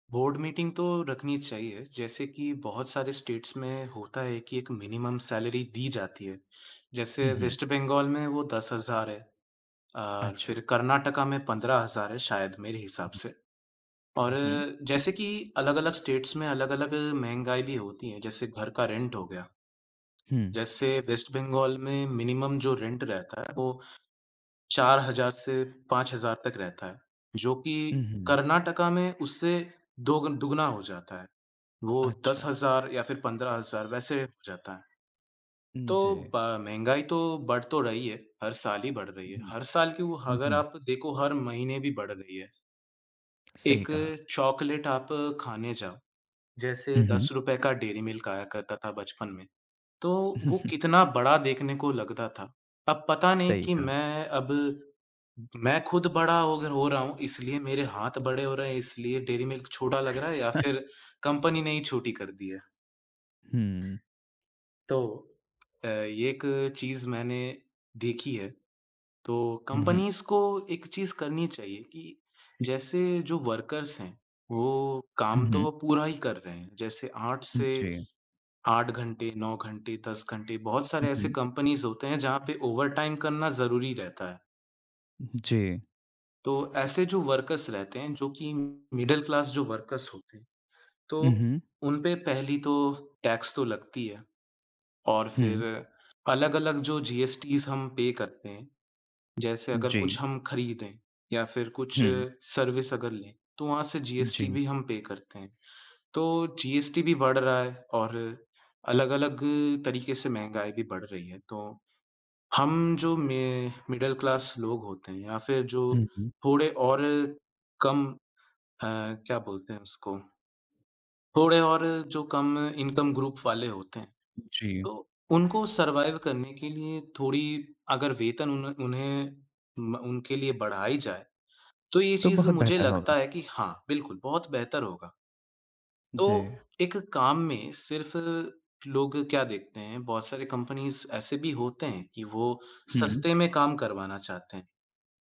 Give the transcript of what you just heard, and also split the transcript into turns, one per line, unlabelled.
Board meeting तो रखनी चाहिए, जैसे कि बहुत सारे स्टेट्स में होता है कि एक मिनिमम सैलरी दी जाती है।
उ,
जैसे
हुँ।
वेस्ट बंगाल में वो 10,000 है अ, फिर
अच्छा।
कर्नाटक में 15,000 है शायद, मेरे हिसाब
उ,
से। और
हुँ।
जैसे कि अलग-अलग स्टेट्स में अलग-अलग महँगाई भी होती हैं, जैसे घर का रेंट हो गया।
हुँ।
जैसे वेस्ट बंगाल में मिनिमम जो रेंट रहता है, वो 4,000 से 5,000 तक रहता है, जो कि
उ, हुँ।
कर्नाटक में उससे दोगन दुगुना हो जाता है, वो दस
अच्छा।
हज़ार या फिर 15,000, वैसे हो जाता है।
उम,
तो
जी।
ब महँगाई तो बढ़ तो रही है, हर साल ही बढ़ रही
हुँ,
है,
हुँ।
हर साल क्यों,
हुँ,
अगर
हुँ।
आप देखो, हर महीने भी बढ़ रही है।
सही
1
कहा।
चॉकलेट आप खाने जाओ,
उ,
जैसे दस
हुँ।
रुपए का डेयरी मिल्क आया करता था बचपन में, तो वो कितना बड़ा देखने को लगता था। अब पता नहीं
सही
कि
कहा।
मैं अब मैं खुद बड़ा होगर हो रहा हूँ, इसलिए मेरे हाथ बड़े हो रहे हैं, इसलिए डेयरी मिल्क छोटा लग रहा है, या फिर कंपनी ने ही छोटी कर दी है।
हुँ।
तो अ, एक चीज़ मैंने देखी है, तो
उ, हुँ।
कंपनीज़ को एक चीज़ करनी चाहिए कि जैसे जो वर्कर्स हैं, वो
उ,
काम तो
हुँ।
वो पूरा ही कर रहे हैं। जैसे 8
हुँ,
से
जी।
8 घंटे 9 घंटे, 10 घंटे, बहुत
उ,
सारे ऐसे
हुँ।
कंपनीज़ होते हैं जहाँ पे ओवरटाइम करना ज़रूरी रहता है।
जी।
तो ऐसे जो वर्कर्स रहते हैं, जो कि मिडल क्लास जो वर्कर्स होते हैं,
उ,
तो
हुँ।
उन पे पहली तो टैक्स तो लगती है। और फिर
हुँ।
अलग-अलग जो जीएसटीज़ हम पे करते हैं, जैसे अगर
जी।
कुछ हम खरीदें या फिर कुछ
हुँ।
सर्विस अगर लें, तो वहाँ से जीएसटी
जी।
भी हम पे करते हैं। तो जीएसटी भी बढ़ रहा है और अलग-अलग तरीके से महँगाई भी बढ़ रही है, तो हम जो मे मिडल क्लास लोग होते हैं या फिर जो
हुँ, हुँ।
थोड़े और कम अ, क्या बोलते हैं उसको, थोड़े और जो कम इनकम ग्रुप वाले होते हैं,
जी।
तो उनको सर्वाइव करने के लिए थोड़ी अगर वेतन उन्ह उन्हें म उनके लिए बढ़ाई जाए, तो ये
तो
चीज़
बहुत
मुझे
बेहतर होगा।
लगता है कि हाँ, बिल्कुल, बहुत बेहतर होगा। तो
जी।
एक काम में सिर्फ़ लोग क्या देखते हैं, बहुत सारे कंपनीज़ ऐसे भी होते हैं कि वो
हुँ।
सस्ते में काम करवाना चाहते हैं।